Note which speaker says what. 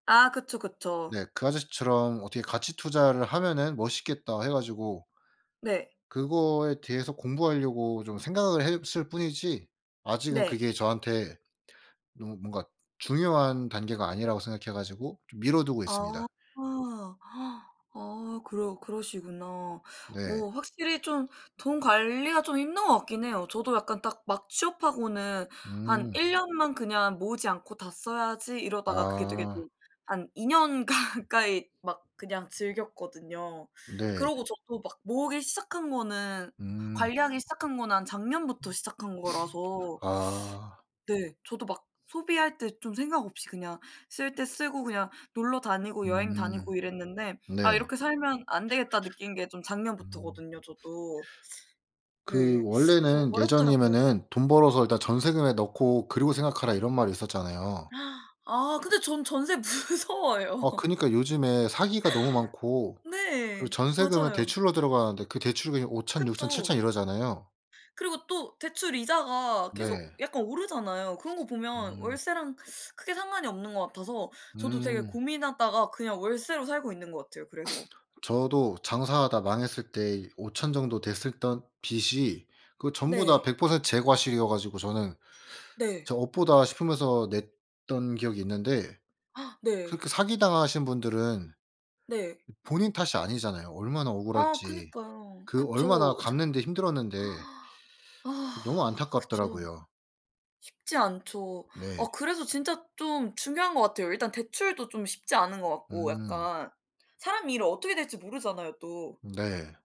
Speaker 1: 아. 그쵸, 그쵸.
Speaker 2: 네. 그 아저씨처럼 어떻게 가치 투자를 하면은 멋있겠다 해 가지고
Speaker 1: 네.
Speaker 2: 그거에 대해서 공부하려고 좀 생각을 했을 뿐이지 아직은
Speaker 1: 네.
Speaker 2: 그게 저한테 너무 뭔가 중요한 단계가 아니라고 생각해 가지고 좀 미뤄 두고
Speaker 1: 아.
Speaker 2: 있습니다.
Speaker 1: 아 그러 그러시구나.
Speaker 2: 네.
Speaker 1: 어 확실히 좀 돈 관리가 좀 힘든 것 같긴 해요. 저도 약간 딱 막 취업하고는 '한
Speaker 2: 음.
Speaker 1: 1 년만 그냥 모으지 않고 다 써야지.' 이러다가 그게 되게
Speaker 2: 아.
Speaker 1: 좀 한 2 년 가까이 막 그냥 즐겼거든요.
Speaker 2: 네.
Speaker 1: 그러고 저도 막 모으기 시작한 거는
Speaker 2: 음.
Speaker 1: 관리하기 시작한 거는 한 작년부터 시작한 거라서
Speaker 2: 아.
Speaker 1: 네. 저도 막 소비할 때 좀 생각 없이 그냥 쓸 때 쓰고 그냥 놀러 다니고 여행
Speaker 2: 음.
Speaker 1: 다니고 이랬는데
Speaker 2: 네.
Speaker 1: '아 이렇게 살면 안 되겠다.' 느낀 게 좀
Speaker 2: 음.
Speaker 1: 작년부터거든요, 저도. 네.
Speaker 2: 그
Speaker 1: 그래서
Speaker 2: 원래는
Speaker 1: 어렵더라고요.
Speaker 2: 예전이면은 '돈 벌어서 일단 전세금에 넣고 그리고 생각하라.' 이런 말이 있었잖아요.
Speaker 1: 아. 근데 전 전세 무서워요.
Speaker 2: 어. 그니까 요즘에 사기가 너무 많고 그리고
Speaker 1: 네.
Speaker 2: 전세금은
Speaker 1: 맞아요.
Speaker 2: 대출로 들어가는데 그 대출금이 5,000, 6000,
Speaker 1: 그쵸.
Speaker 2: 7000 이러잖아요.
Speaker 1: 그리고 또 대출 이자가 계속
Speaker 2: 네.
Speaker 1: 약간 오르잖아요. 그런 거 보면
Speaker 2: 음.
Speaker 1: 월세랑 크게 상관이 없는 것 같아서 저도 되게
Speaker 2: 음.
Speaker 1: 고민하다가 그냥 월세로 살고 있는 것 같아요, 그래서.
Speaker 2: 저도 장사하다 망했을 때 5,000 정도 됐었던 빚이 그 전부 다
Speaker 1: 네.
Speaker 2: 100% 제 과실이어 가지고 저는
Speaker 1: 네.
Speaker 2: '저 업보다.' 싶으면서 냈던 기억이 있는데
Speaker 1: 네.
Speaker 2: 그렇게 사기 당하신 분들은
Speaker 1: 네.
Speaker 2: 본인 탓이 아니잖아요. 얼마나
Speaker 1: 아
Speaker 2: 억울할지.
Speaker 1: 그니까요.
Speaker 2: 그 얼마나
Speaker 1: 그쵸. 진
Speaker 2: 갚는 데 힘들었는데
Speaker 1: 아.
Speaker 2: 너무
Speaker 1: 그쵸.
Speaker 2: 안타깝더라고요.
Speaker 1: 쉽지 않죠.
Speaker 2: 네.
Speaker 1: 어 그래서 진짜 좀 중요한 것 같아요. 일단 대출도 좀 쉽지 않은 것 같고
Speaker 2: 음.
Speaker 1: 약간 사람 일은 어떻게 될지 모르잖아요 또.
Speaker 2: 네.